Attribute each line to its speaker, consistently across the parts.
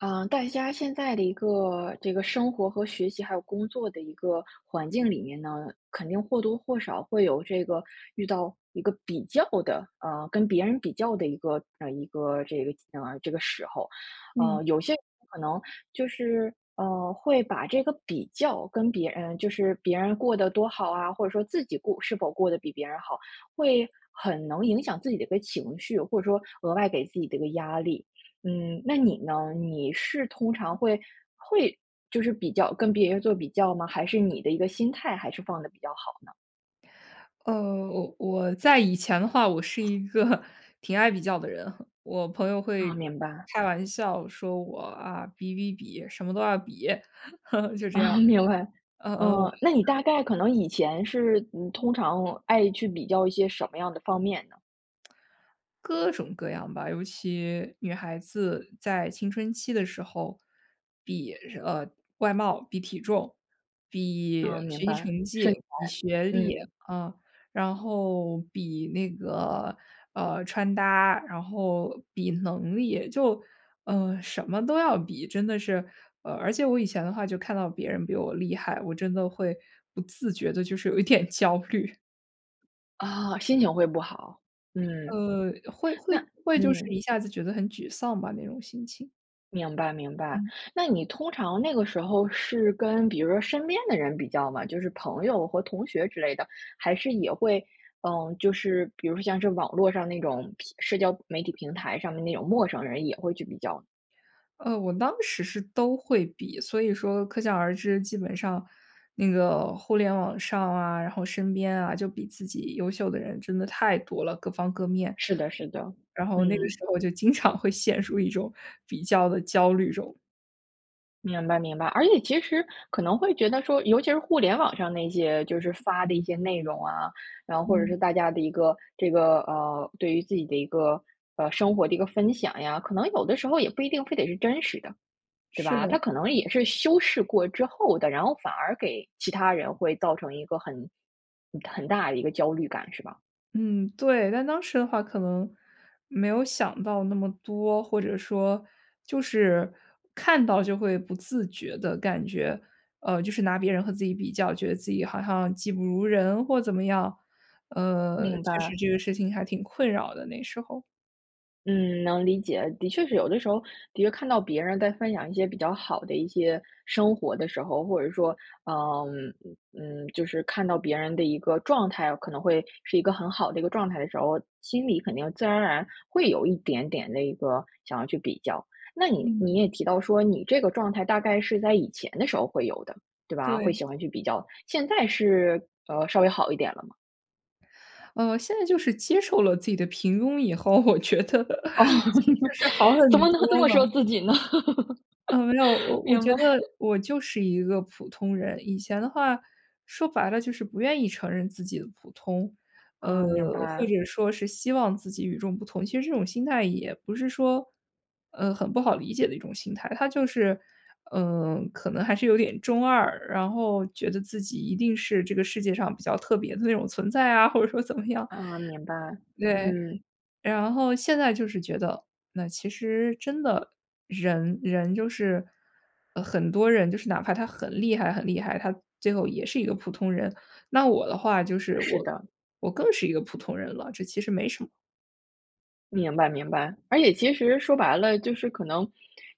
Speaker 1: 呃，大家现在的一个这个生活和学习还有工作的一个环境里面呢，肯定或多或少会有这个，遇到一个比较的呃，跟别人比较的一个嗯，一个这个嗯，这个时候。
Speaker 2: 嗯。
Speaker 1: 呃，有些人可能就是，呃，会把这个比较跟别人就是别人过得多好啊，或者说自己过是否过得比别人好，会很能影响自己的一个情绪，或者说额外给自己的一个压力。嗯，那你呢？你是通常会会就是比较跟别人做比较吗？还是你的一个心态还是放得比较好呢？
Speaker 2: 呃，我我在以前的话，我是一个挺爱比较的人。我朋友
Speaker 1: 哦，
Speaker 2: 会
Speaker 1: 明白。
Speaker 2: 开玩笑说我：“啊，比比比，什么都要比。“就这样。
Speaker 1: 嗯，明白。
Speaker 2: 呃呃
Speaker 1: 呃，那你
Speaker 2: [unintelligible]
Speaker 1: 大概可能以前是，嗯，通常爱去比较一些什么样的方面呢？
Speaker 2: 各种各样吧，尤其女孩子在青春期的时候，比，呃，外貌、比体重、比
Speaker 1: 嗯，
Speaker 2: 学
Speaker 1: 明
Speaker 2: 习
Speaker 1: 白。
Speaker 2: 成
Speaker 1: 身材，
Speaker 2: 绩、比学历，
Speaker 1: 嗯。
Speaker 2: 啊，然后比那个，呃，穿搭，然后比能力，就，嗯，什么都要比，真的是呃，而且我以前的话，就看到别人比我厉害，我真的会不自觉地就是有一点焦虑。
Speaker 1: 哦，心情会不好，嗯。
Speaker 2: 呃，会
Speaker 1: 那
Speaker 2: 会会就是
Speaker 1: 嗯。
Speaker 2: 一下子觉得很沮丧吧，那种心情。
Speaker 1: 明白明白，
Speaker 2: 嗯。
Speaker 1: 那你通常那个时候是跟比如说身边的人比较吗？就是朋友和同学之类的。还是也会嗯，就是比如像是网络上那种平社交媒体平台上面的那种陌生人也会去比较啊。
Speaker 2: 呃，我当时是都会比，所以说可想而知，基本上那个互联网上啊，然后身边啊就比自己优秀的人真的太多了，各方各面。
Speaker 1: 是的是的，
Speaker 2: 然后那个
Speaker 1: 嗯。
Speaker 2: 时候就经常会陷入一种比较的焦虑中。
Speaker 1: 明白明白，而且其实可能会觉得说，尤其是互联网上那些，就是发的一些内容啊，然后或者
Speaker 2: 嗯。
Speaker 1: 是大家的一个这个呃，对于自己的一个，呃，生活的一个分享呀，可能有的时候也不一定非得是真实的。对
Speaker 2: 是
Speaker 1: 吧？它
Speaker 2: 的。
Speaker 1: 可能也是修饰过之后的，然后反而给其他人会造成一个很很很大的一个焦虑感，是吧？
Speaker 2: 嗯，对。但当时的话，可能没有想到那么多。或者说就是看到就会不自觉地感觉呃，就是拿别人和自己比较觉得自己好像技不如人或怎么样，呃，
Speaker 1: 明
Speaker 2: 确实
Speaker 1: 白。
Speaker 2: 这个事情还挺困扰的，那时候。
Speaker 1: 嗯，能理解。的确是有的时候，的确看到别人在分享一些比较好的一些生活的时候，或者说，嗯，嗯嗯就是看到别人的一个状态，可能会是一个很好的一个状态的时候，心里肯定自然而然会有一点点的一个想要去比较。那你你
Speaker 2: 嗯。
Speaker 1: 也提到说，你这个状态大概是在以前的时候会有的，对吧？会
Speaker 2: 对。
Speaker 1: 喜欢去比较，现在是呃，稍微好一点了吗？
Speaker 2: 呃，现在就是接受了自己的平庸以后，我觉得，
Speaker 1: 哦，
Speaker 2: 就是 好很
Speaker 1: 怎么能
Speaker 2: 多
Speaker 1: 这么
Speaker 2: 了。
Speaker 1: 说自己呢？
Speaker 2: 呃，让，我 我
Speaker 1: 明
Speaker 2: 觉
Speaker 1: 白。
Speaker 2: 得我就是一个普通人。以前的话，说白了就是不愿意承认自己的普通，呃，
Speaker 1: 嗯，明
Speaker 2: 或
Speaker 1: 白。
Speaker 2: 者说是希望自己与众不同。其实这种心态也不是说，呃，很不好理解的一种心态，它就是，呃，可能还是有点中二。然后觉得自己一定是这个世界上比较特别的那种存在啊，或者说怎么样
Speaker 1: 嗯，明白，
Speaker 2: 对，
Speaker 1: 嗯。
Speaker 2: 然后现在就是觉得，那其实真的人人就是，呃，很多人，就是哪怕他很厉害很厉害，他最后也是一个普通人。那我的话就是
Speaker 1: 是
Speaker 2: 我
Speaker 1: 的。
Speaker 2: 我更是一个普通人了，这其实没什么。
Speaker 1: 明白明白，而且其实说白了，就是可能，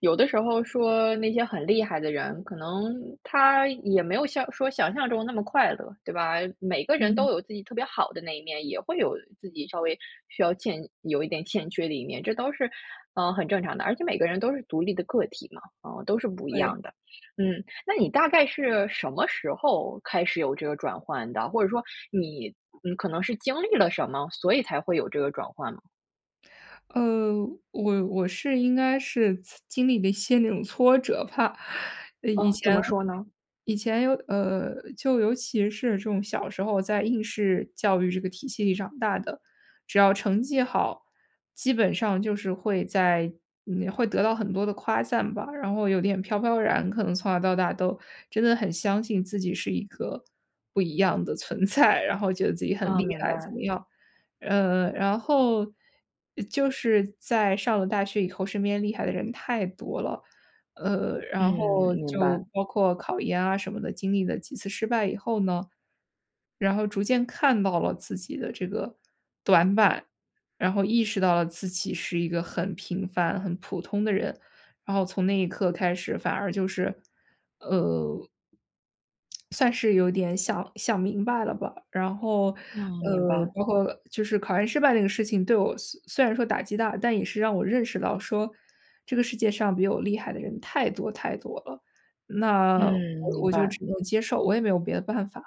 Speaker 1: 有的时候说那些很厉害的人，可能他也没有像说想象中那么快乐，对吧？每个人
Speaker 2: 嗯。
Speaker 1: 都有自己特别好的那一面，也会有自己稍微需要欠有一点欠缺的一面，这都是，呃，很正常的。而且每个人都是独立的个体嘛，啊，都是不一
Speaker 2: 对。
Speaker 1: 样的。嗯，那你大概是什么时候开始有这个转换的？或者说你，嗯，可能是经历了什么，所以才会有这个转换吗？
Speaker 2: 呃，我我是应该是，呲经历了一些那种挫折吧。以
Speaker 1: 呃，怎
Speaker 2: 前
Speaker 1: 么说呢？
Speaker 2: 以前有呃，就尤其是这种小时候在应试教育这个体系里长大的，只要成绩好，基本上就是会在嗯，会得到很多的夸赞吧，然后有点飘飘然。可能从小到大都真的很相信自己是一个不一样的存在，然后觉得自己很
Speaker 1: 哦，
Speaker 2: 厉
Speaker 1: 明
Speaker 2: 害怎
Speaker 1: 白。
Speaker 2: 么样。呃，然后，就是在上了大学以后，身边厉害的人太多了。呃，
Speaker 1: 嗯，
Speaker 2: 然后
Speaker 1: 明
Speaker 2: 就
Speaker 1: 白。
Speaker 2: 包括考研啊什么的，经历了几次失败以后呢，然后逐渐看到了自己的这个短板，然后意识到了自己是一个很平凡、很普通的人，然后从那一刻开始反而就是呃算是有点想想明白了吧，然后，
Speaker 1: 嗯，明
Speaker 2: 呃，
Speaker 1: 白。
Speaker 2: 包括就是考研失败这个事情对我虽虽然说打击大，但也是让我认识到说这个世界上比我厉害的人太多太多了。那我
Speaker 1: 嗯，明
Speaker 2: 我就
Speaker 1: 白。
Speaker 2: 只能接受，我也没有别的办法。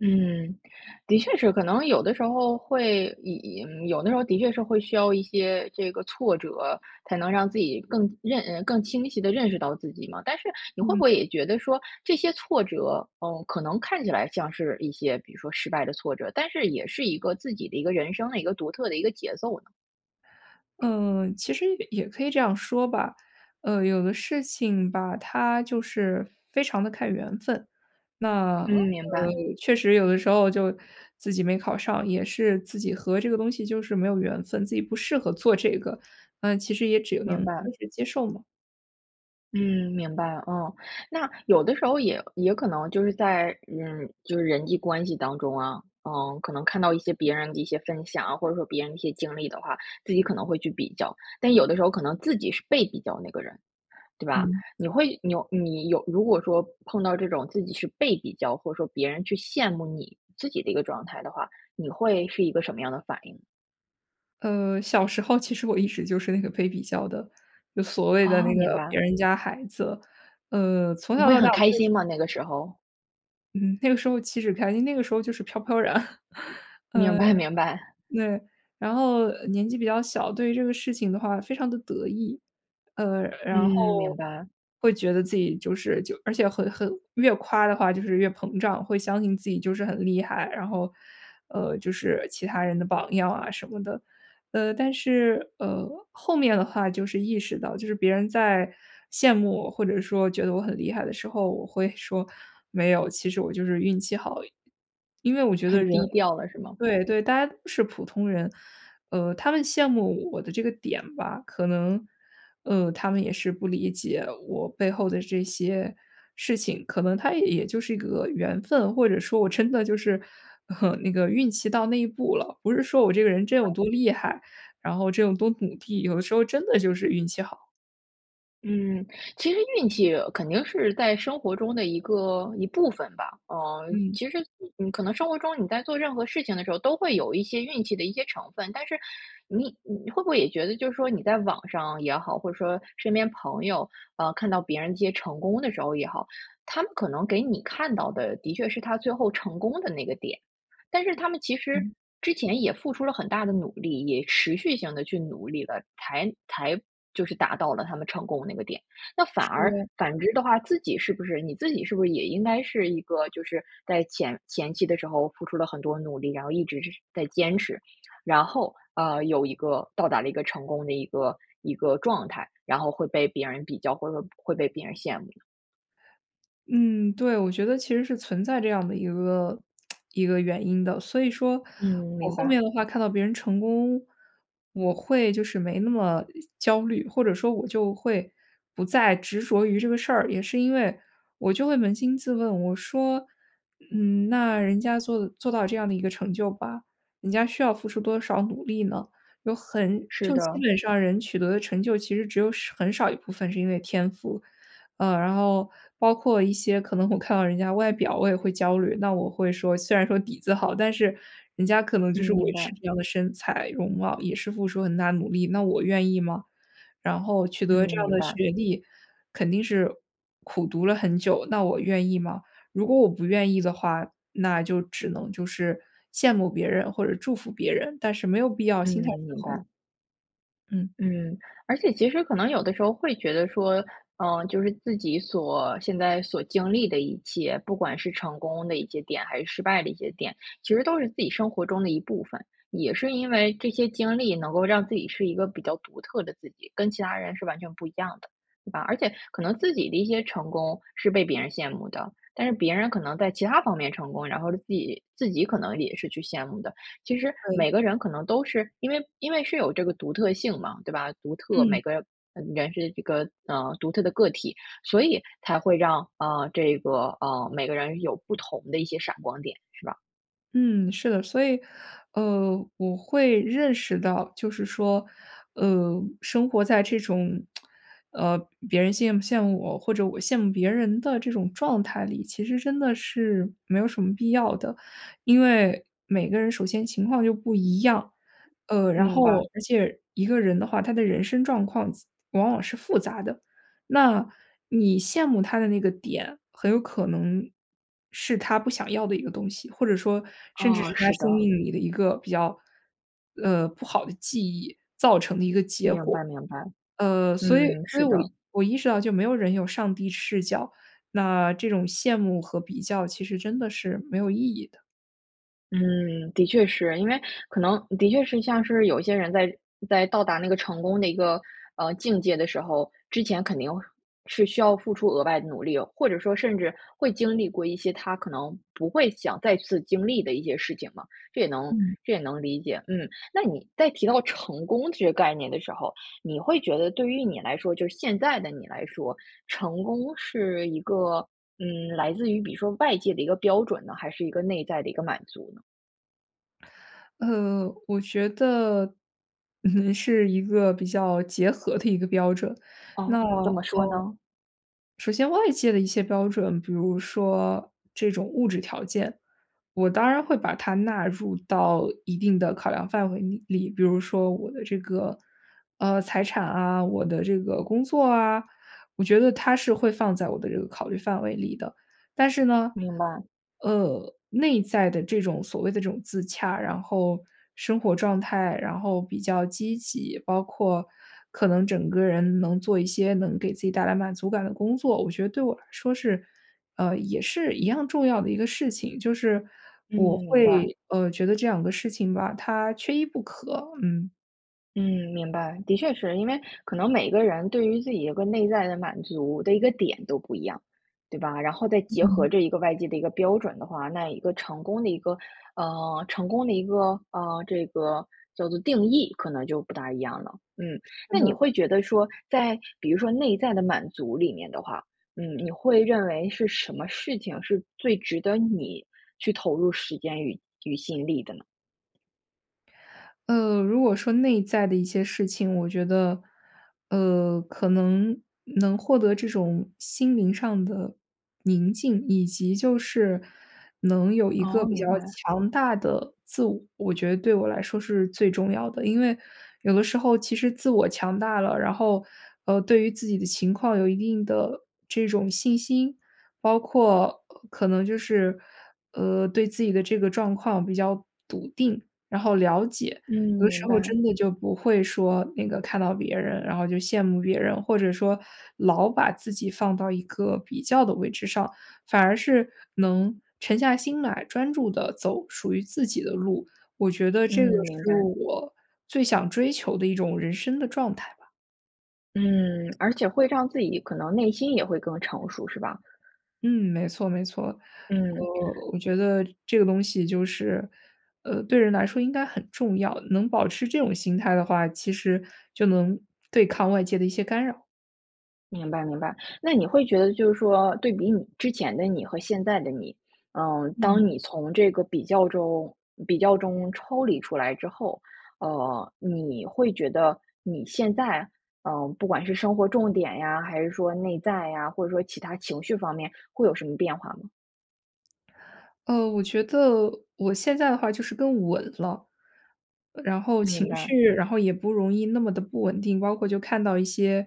Speaker 1: 嗯，的确是，可能有的时候会也也嗯，有的时候的确是会需要一些这个挫折，才能让自己更认呃，更清晰地认识到自己嘛。但是你会不
Speaker 2: 嗯。
Speaker 1: 会也觉得说这些挫折，嗯，可能看起来像是一些，比如说失败的挫折，但是也是一个自己的一个人生的一个独特的一个节奏呢？
Speaker 2: 嗯，其实也可以这样说吧。呃，有的事情吧，它就是非常地看缘分。那，呃，
Speaker 1: 嗯，明白。
Speaker 2: 确实有的时候就自己没考上，也是自己和这个东西就是没有缘分，自己不适合做这个，呃，其实也只能
Speaker 1: 明白。
Speaker 2: 就是接受嘛。
Speaker 1: 嗯，明白，哦。那有的时候也也可能就是在嗯，就是人际关系当中啊，呃，可能看到一些别人的一些分享，或者说别人的一些经历的话，自己可能会去比较。但有的时候可能自己是被比较那个人，对吧？
Speaker 2: 嗯。
Speaker 1: 你会你有你有如果说碰到这种自己是被比较，或者说别人去羡慕你自己的一个状态的话，你会是一个什么样的反应？
Speaker 2: 呃，小时候其实我一直就是那个被比较的，就所谓的
Speaker 1: 哦，
Speaker 2: 那
Speaker 1: 明
Speaker 2: 个别
Speaker 1: 白。
Speaker 2: 人家孩子。呃，从
Speaker 1: 你
Speaker 2: 小
Speaker 1: 会
Speaker 2: 到大
Speaker 1: 很
Speaker 2: 我
Speaker 1: 开
Speaker 2: 就是
Speaker 1: 心吗？那个时候。
Speaker 2: 嗯，那个时候岂止开心，那个时候就是飘飘然。嗯。
Speaker 1: 明
Speaker 2: 呃，
Speaker 1: 白明白。
Speaker 2: 对然后呃，年纪比较小，对这个事情的话非常地得意。呃，然
Speaker 1: 嗯，
Speaker 2: 后，
Speaker 1: 明白。
Speaker 2: 会觉得自己就是就而且很很越夸的话就是越膨胀，会相信自己就是很厉害，然后，呃，就是其他人的榜样啊什么的。呃，但是，呃，后面的话就是意识到就是别人在羡慕我或者说觉得我很厉害的时候，我会说：“没有，其实我就是运气好而已。”因为我觉得
Speaker 1: 很
Speaker 2: 人
Speaker 1: 低调了是吗？
Speaker 2: 对对，大家都是普通人。呃，他们羡慕我的这个点吧可能，呃，他们也是不理解我背后的这些事情，可能它也就是一个缘分，或者说我真的就是 那个运气到那一步了。不是说我这个人真有多厉害，然后真有多努力，有的时候真的就是运气好。
Speaker 1: 嗯，其实运气肯定是在生活中的一个一部分吧。嗯，
Speaker 2: 嗯。
Speaker 1: 其实你你可能生活中你在做任何事情的时候，都会有一些运气的一些成分。但是，你你会不会也觉得就是说你在网上也好，或者说身边朋友呃，看到别人的一些成功的时候也好，他们可能给你看到的的确是他最后成功的那个点。但是他们其实
Speaker 2: 嗯。
Speaker 1: 之前也付出了很大的努力，也持续性地去努力了，才才就是达到了他们成功那个点。那反而
Speaker 2: 是。
Speaker 1: 反之的话，自己是不是你自己是不是也应该是一个，就是在前前期的时候付出了很多努力，然后一直是在坚持。然后，呃，有一个到达了一个成功的一个一个状态。然后会被别人比较，或者说会被别人羡慕呢？
Speaker 2: 嗯，对。我觉得其实是存在这样的一个 一个原因的。所以说
Speaker 1: 嗯，
Speaker 2: 我
Speaker 1: 明
Speaker 2: 后
Speaker 1: 白。
Speaker 2: 面的话看到别人成功，我会就是没那么焦虑，或者说我就会不再执着于这个事儿。也是因为我就会扪心自问，我说：“嗯，那人家做做到这样的一个成就吧，人家需要付出多少努力呢？有很
Speaker 1: 是
Speaker 2: 就基
Speaker 1: 的。
Speaker 2: 本上人取得的成就其实只有很少一部分是因为天赋。“呃，然后包括一些可能我看到人家外表，我也会焦虑。那我会说，虽然说底子好，但是人家可能
Speaker 1: 嗯，
Speaker 2: 就是维
Speaker 1: 明
Speaker 2: 持
Speaker 1: 白。
Speaker 2: 这样的身材容貌，也是付出很大的努力，那我愿意吗？然后取
Speaker 1: 嗯，
Speaker 2: 得这样
Speaker 1: 明
Speaker 2: 的
Speaker 1: 白。
Speaker 2: 学历，肯定是苦读了很久，那我愿意吗？如果我不愿意的话，那就只能就是羡慕别人或者祝福别人，但是没有必要
Speaker 1: 嗯，
Speaker 2: 心态失
Speaker 1: 明
Speaker 2: 衡。
Speaker 1: 白。
Speaker 2: 嗯。
Speaker 1: 嗯，而且其实可能有的时候会觉得说，嗯，就是自己所现在所经历的一切，不管是成功的一些点，还是失败的一些点，其实都是自己生活中的一部分。也是因为这些经历能够让自己是一个比较独特的自己，跟其他人是完全不一样的，是吧？而且可能自己的一些成功是被别人羡慕的，但是别人可能在其他方面成功，然后了自己自己可能也是去羡慕的。其实，
Speaker 2: 对。
Speaker 1: 每个人可能都是因为因为是有这个独特性嘛，对吧？独特
Speaker 2: 嗯。
Speaker 1: 每个，呃，人是这个，呃，独特的个体，所以才会让，啊，这个，嗯，每个人有不同的一些闪光点，是吧。
Speaker 2: 嗯，是的，所以，呃，我会认识到，就是说，呃，生活在这种，呃，别人羡慕羡慕我或者我羡慕别人的这种状态里，其实真的是没有什么必要的。因为每个人首先情况就不一样，呃，然
Speaker 1: 明
Speaker 2: 后
Speaker 1: 白。
Speaker 2: 而且一个人的话，他的人生状况及往往是复杂的。那，你羡慕他的那个点，很有可能是他不想要的一个东西，或者说甚至是
Speaker 1: 啊，
Speaker 2: 他
Speaker 1: 是
Speaker 2: 生
Speaker 1: 的。
Speaker 2: 命里的一个比较，呃，不好的记忆造成的一个结
Speaker 1: 明
Speaker 2: 果。
Speaker 1: 白明白。
Speaker 2: 呃，所以
Speaker 1: 嗯，
Speaker 2: 所以
Speaker 1: 是
Speaker 2: 我
Speaker 1: 的。
Speaker 2: 我意识到就没有人有上帝视角，那这种羡慕和比较其实真的是没有意义的。
Speaker 1: 嗯，的确是。因为可能的确是像是有一些人在在到达那个成功的一个，呃，境界的时候，之前肯定是需要付出额外的努力哦，或者说甚至会经历过一些他可能不会想再次经历的一些事情嘛，这也能
Speaker 2: 嗯。
Speaker 1: 这也能理解，嗯。那你在提到成功这个概念的时候，你会觉得对于你来说就是现在的你来说，成功是一个，嗯，来自于比如说外界的一个标准呢，还是一个内在的一个满足呢？
Speaker 2: 呃，我觉得，嗯，是一个比较结合的一个标准。
Speaker 1: 哦，
Speaker 2: 那，
Speaker 1: 怎么说
Speaker 2: 呃，
Speaker 1: 呢？
Speaker 2: 首先外界的一些标准，比如说这种物质条件，我当然会把它纳入到一定的考量范围里。比如说我的这个，呃，财产啊，我的这个工作啊，我觉得它是会放在我的这个考虑范围里的。但是呢，
Speaker 1: 明白。
Speaker 2: 呃，内在的这种所谓的这种自洽，然后，生活状态，然后比较积极，包括可能整个人能做一些能给自己带来满足感的工作，我觉得对我来说是呃，也是一样重要的一个事情，就是
Speaker 1: 嗯，
Speaker 2: 我
Speaker 1: 明白。
Speaker 2: 会，呃，觉得这两个事情吧，它缺一不可，嗯。
Speaker 1: 嗯，明白，的确是。因为可能每个人对于自己有一个内在的满足的一个点都不一样，对吧？然后再结
Speaker 2: 嗯。
Speaker 1: 合这一个外界的一个标准的话，那一个成功的一个呃成功的一个，啊，这个叫做定义可能就不大一样了，嗯。
Speaker 2: 是
Speaker 1: 那你
Speaker 2: 的。
Speaker 1: 会觉得说，在比如说内在的满足里面的话，嗯，你会认为是什么事情，是最值得你去投入时间与与心力的呢？
Speaker 2: 呃，如果说内在的一些事情，我觉得，呃，可能能获得这种心灵上的宁静，以及就是能有一个
Speaker 1: 哦，
Speaker 2: 比较
Speaker 1: 明白。
Speaker 2: 强大的自我，我觉得对我来说是最重要的。因为有的时候其实自我强大了，然后，呃，对于自己的情况有一定的这种信心，包括，呃，可能就是，呃，对自己的这个状况比较笃定，然后了解。
Speaker 1: 嗯，
Speaker 2: 有的
Speaker 1: 明
Speaker 2: 时候
Speaker 1: 白。
Speaker 2: 真的就不会说那个看到别人，然后就羡慕别人，或者说老把自己放到一个比较的位置上。反而是能沉下心来专注地走属于自己的路，我觉得
Speaker 1: 嗯，
Speaker 2: 这个
Speaker 1: 明
Speaker 2: 是
Speaker 1: 白。
Speaker 2: 我最想追求的一种人生的状态。
Speaker 1: 嗯，而且会让自己可能内心也会更成熟是吧？
Speaker 2: 嗯，没错没错。
Speaker 1: 嗯。
Speaker 2: 呃，我觉得这个东西就是，呃，对人来说应该很重要。能保持这种心态的话，其实就能对抗外界的一些干扰。
Speaker 1: 明白明白，那你会觉得就是说对比你，之前的你和现在的你，嗯，当
Speaker 2: 嗯。
Speaker 1: 你从这个比较中比较中抽离出来之后，呃，你会觉得你现在，呃，不管是生活重点呀，还是说内在呀，或者说其他情绪方面会有什么变化吗？
Speaker 2: 呃，我觉得我现在的话就是更稳了。然后情
Speaker 1: 明白。
Speaker 2: 绪然后也不容易那么的不稳定，包括就看到一些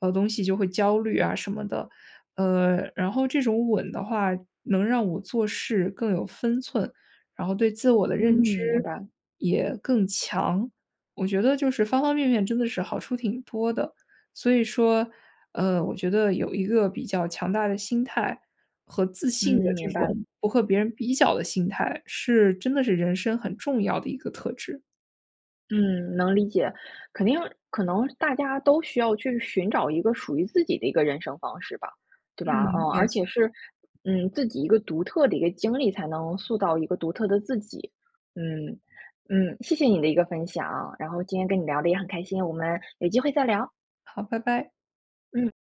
Speaker 2: 呃东西就会焦虑啊什么的。呃，然后这种稳的话能让我做事更有分寸，然后对自我的
Speaker 1: 嗯，
Speaker 2: 认知
Speaker 1: 明白。
Speaker 2: 也更强。我觉得就是方方面面真的是好处挺多的。所以说，呃，我觉得有一个比较强大的心态和自
Speaker 1: 嗯，
Speaker 2: 信的这
Speaker 1: 明
Speaker 2: 种
Speaker 1: 白。
Speaker 2: 不和别人比较的心态，是真的是人生很重要的一个特质。
Speaker 1: 嗯，能理解，肯定可能大家都需要去寻找一个属于自己的一个人生方式吧，对
Speaker 2: 嗯，
Speaker 1: 吧？啊，而
Speaker 2: 没错。
Speaker 1: 且是，嗯，自己一个独特的一个经历，才能塑造一个独特的自己。嗯，嗯，谢谢你的一个分享，然后今天跟你聊得也很开心，我们有机会再聊。
Speaker 2: 好，拜拜。
Speaker 1: 嗯。